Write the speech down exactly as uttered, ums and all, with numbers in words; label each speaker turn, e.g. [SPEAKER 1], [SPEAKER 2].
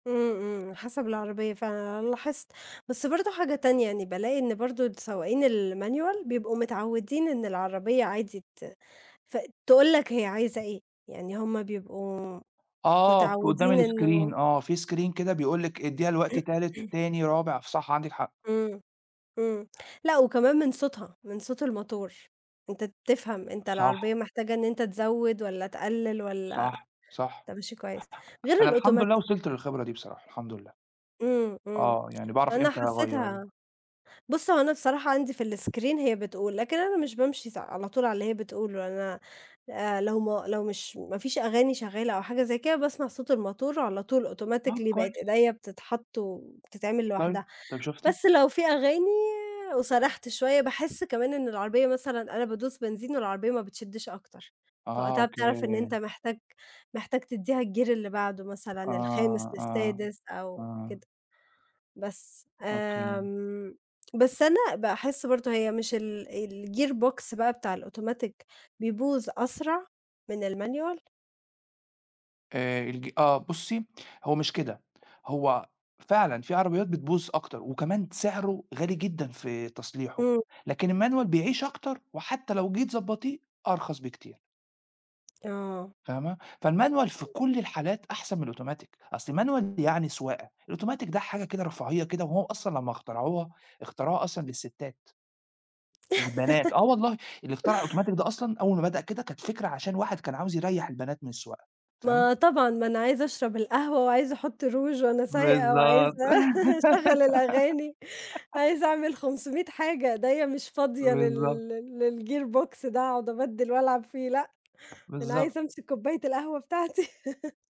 [SPEAKER 1] امم، امم، حسب العربية فعلًا أنا لاحظت، بس برضه حاجة تانية، يعني بالاقي إن برضه السواقين الmanual بيبقوا متعودين إن العربية عادي ت فتقول لك هي عايزة إيه، يعني هم بيبقوا
[SPEAKER 2] آه،
[SPEAKER 1] متعودين
[SPEAKER 2] قدّام الscreen،
[SPEAKER 1] إنه
[SPEAKER 2] آه في screen كده بيقول لِك ادّيها الوقتي تالت، تاني، رابع، صح، عندِك حق.
[SPEAKER 1] امم، امم، لأ، وكمان من صوتها، من صوت الموتور، أنت بتفهم، أنت
[SPEAKER 2] صح.
[SPEAKER 1] العربية محتاجة إن أنت تزوّد والَّا تقلّل والَّا
[SPEAKER 2] صح، صح
[SPEAKER 1] أنت ماشي كويس، غير
[SPEAKER 2] أنا الحمد لله
[SPEAKER 1] الautomatic.
[SPEAKER 2] وصلت للخبرة دي بصراحة، الحمد لله،
[SPEAKER 1] امم، امم،
[SPEAKER 2] آه، يعني باعرف
[SPEAKER 1] أنا
[SPEAKER 2] إمتى اغيّر.
[SPEAKER 1] حسيتها، بُصّ، هو أنا بصراحة عندي في الscreen هي بتقول، لكن أنا مش بامشي س على طول على اللي هي بتقوله، أنا، آآ، لو ما لو مش ما فيش أغاني شغالة أو حاجة زي كده، باسمع صوت الموتور على طول
[SPEAKER 2] طَب
[SPEAKER 1] automatically بقت
[SPEAKER 2] كويس.
[SPEAKER 1] إيديّا بتتحط وبتتعمل
[SPEAKER 2] طيب،
[SPEAKER 1] لوحدها،
[SPEAKER 2] طَب شُفتِ؟
[SPEAKER 1] بس لو فيه أغاني وسَرَحت شوية، باحس كمان إن العربية مثلًا أنا بادوس بنزين والعربية ما بتشدِّش أكتر،
[SPEAKER 2] آه،
[SPEAKER 1] فوقتها بتعرف إن
[SPEAKER 2] أوكي.
[SPEAKER 1] أنت محتاج، محتاج تديها الgear اللي بعده
[SPEAKER 2] آه،
[SPEAKER 1] مثلًا الخامس
[SPEAKER 2] آه،
[SPEAKER 1] للسادس أو
[SPEAKER 2] آه.
[SPEAKER 1] كده، بس.
[SPEAKER 2] أوكي.
[SPEAKER 1] آمم، بس أنا باحس برضه هي مش ال الgear box بقى بتاع الautomatic بيبوظ أسرع؟ من الmanual؟
[SPEAKER 2] آآ، الج آه، بُصّي، هو مش كده، هو فعلًا فيه عربيات بتبوظ أكتر، وكمان سعره غالي جدًا في تصليحُه،
[SPEAKER 1] امم.
[SPEAKER 2] لكن الmanual بيعيش أكتر وحتى لو جيتِ تضبطيه أرخص بكتير.
[SPEAKER 1] آه.
[SPEAKER 2] فاهمة؟ فالmanual في كُلّ الحالات أحسن من الautomatic، أصل الmanual يعني سواقة، الautomatic ده حاجة كده رفاهية كده، وهو أصلًا لمّا اخترعوها، اخترعوها أصلًا للستات. للبنات، آه والله، اللي اخترع الautomatic ده أصلًا، أول ما بدأ كده كانت فكرة عشان واحد كان عاوز يريح البنات من السواقة، فاهمة؟
[SPEAKER 1] ما طبعًا، ما أنا عايزة أشرب القهوة وعايزة أحُطّ روچ وأنا سايقة، وعايزة
[SPEAKER 2] بالضبط.
[SPEAKER 1] أشغّل الأغاني، عايزة أعمل خمسوميت حاجة، إيديّا مش فاضية
[SPEAKER 2] بالضبط.
[SPEAKER 1] لل للgear box ده أقعد أبدِّل وألعب فيه، لأ، أنا
[SPEAKER 2] بالضبط.
[SPEAKER 1] عايزة أمسك كوباية القهوة بتاعتي.